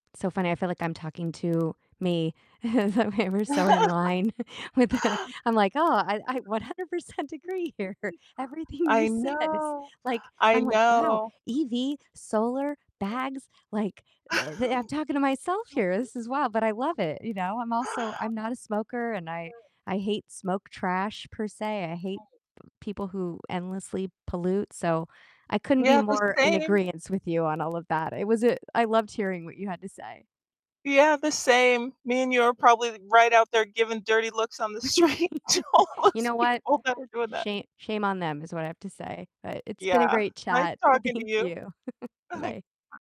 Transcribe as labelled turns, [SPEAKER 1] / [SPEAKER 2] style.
[SPEAKER 1] So funny i feel like I'm talking to me the way we're so in line with the I'm like, "Oh I I 100% agree here everything you
[SPEAKER 2] I
[SPEAKER 1] said is
[SPEAKER 2] know,
[SPEAKER 1] like"
[SPEAKER 2] I
[SPEAKER 1] I'm like, "Wow,
[SPEAKER 2] know.
[SPEAKER 1] EV, solar, bags," like, the the I'm talking to myself here, this is wild, but I love it, you know, I'm also I'm not a smoker and I I hate smoke trash per se, I hate people who endlessly pollute, so I couldn't be
[SPEAKER 2] Yeah, the
[SPEAKER 1] more in
[SPEAKER 2] same.
[SPEAKER 1] agreeance with you on all of that, it was a I loved hearing what you had to say.
[SPEAKER 2] Yeah, the same, me and you are probably right out there giving dirty looks on the street to all
[SPEAKER 1] You
[SPEAKER 2] those
[SPEAKER 1] know what,
[SPEAKER 2] people that are doing that.
[SPEAKER 1] shame shame on them is what I have to say, but it's been a
[SPEAKER 2] Yeah,
[SPEAKER 1] great
[SPEAKER 2] nice
[SPEAKER 1] chat, th
[SPEAKER 2] talking to
[SPEAKER 1] thank
[SPEAKER 2] you.
[SPEAKER 1] you, bye.